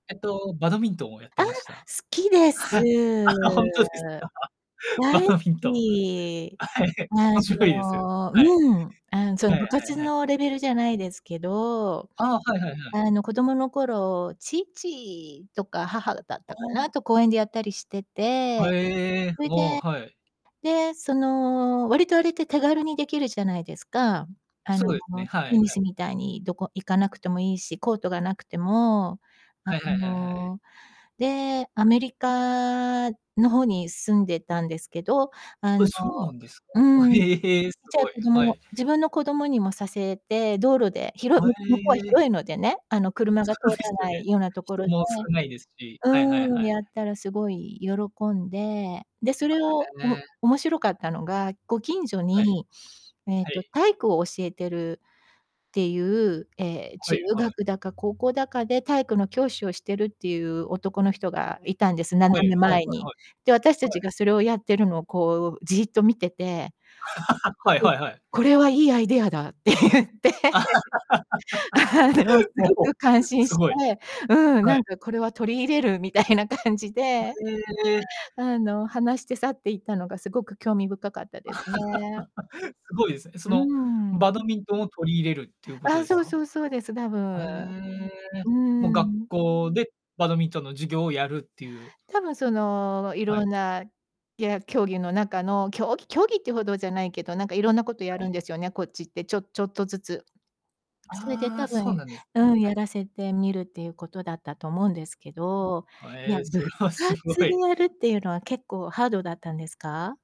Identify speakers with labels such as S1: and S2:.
S1: えっと、バドミントンをやって
S2: ああ、好
S1: ました。
S2: きです。
S1: あ、ほんとですた？バ
S2: 大好
S1: ドミントン。
S2: き。
S1: あ、はい。
S2: あ
S1: 面白いです。
S2: の
S1: はい。
S2: うん。あん、そ
S1: は
S2: の
S1: い
S2: 部
S1: はい
S2: 活
S1: はい。
S2: のレベルじゃないですけど、
S1: ああ、はいはいはい。
S2: あの、子供の頃、父とか母だっ
S1: あ
S2: たか
S1: あ。
S2: な、と公園でやったりして
S1: は
S2: て、
S1: ええ、
S2: そい
S1: うお、
S2: で
S1: はい。
S2: で、その、割とあれって手軽にできるじゃないですか。あ
S1: そ
S2: の、
S1: えね、はい
S2: テ
S1: は
S2: ニス
S1: い。
S2: みたいにどこ行かなくてもいいし、コートがなくても。あ
S1: はいはいはいはい。
S2: の、で、アメリカの方に住んでたんですけど。あ
S1: え、
S2: の
S1: そうなんですか？あ、
S2: う
S1: へ
S2: ん、じ
S1: えへえ、す
S2: ゃあ、
S1: ごい。
S2: 子
S1: は
S2: 供
S1: い。
S2: 自分の子供にもさせて、道路で、ひろ
S1: は
S2: む向こうは
S1: え。
S2: 広いのでね、あの、
S1: あ、
S2: 車が通
S1: そうふぇ
S2: ら
S1: すよ
S2: な
S1: ね。
S2: いようなとこ
S1: 人
S2: ろで
S1: も少ないですし。はいはい
S2: う
S1: は
S2: ん、
S1: い。
S2: やったらすごい喜んで。で、そ
S1: あ、
S2: れを、
S1: え
S2: お
S1: え。
S2: 面白かったのが、ご近所
S1: はい。
S2: に、えっ
S1: は
S2: と、
S1: い。
S2: 体育を教えてるっていう、ええ、
S1: は
S2: 中
S1: いはい。
S2: 学だか高校だかで体育の教師をしてるっていう男の人がいたんです、斜
S1: はい、はい
S2: め
S1: はい
S2: 前に。
S1: は
S2: で、私
S1: い。は
S2: 達が
S1: い。
S2: それをやってるのをこうじーっと見てて
S1: はい
S2: え、
S1: はいはい。
S2: 「これはいいアイデアだ」って言って。あの、す
S1: も
S2: ご
S1: う、
S2: く感
S1: [unintelligible]
S2: 心
S1: す
S2: して
S1: ごい。
S2: うん、
S1: は
S2: な
S1: い。
S2: んか「これは取り入れる」みたいな感じ
S1: は
S2: で。
S1: ええ。
S2: あの、話して去っていったのがすごく興味深かったですね。
S1: すごいですね。そ
S2: う
S1: の、
S2: ん。
S1: バドミントンを取り入れるっていうこと
S2: あ、
S1: です
S2: そう
S1: か？
S2: そうそうです、多
S1: は
S2: 分。
S1: ええ。
S2: う
S1: もう学
S2: ん。
S1: 校でバドミントンの授業をやるっていう。
S2: 多分その、
S1: はい。
S2: 色んな、や競技の中の競技競技っていうほどじゃないけど、なんか色んなことや
S1: は
S2: るん
S1: い。
S2: ですよね、こっちって、ちょちょっとずつ。あ、それで
S1: ああ、
S2: 多
S1: そう
S2: 分、
S1: なんですね。
S2: うん、
S1: は
S2: や
S1: い。
S2: らせてみるっていうことだったと思うんですけ
S1: う
S2: ど。
S1: ん、あ、
S2: い
S1: え
S2: や、
S1: え、そ
S2: 部
S1: れはすご
S2: 活で
S1: い。
S2: やるっていうのは結構ハードだったんですか？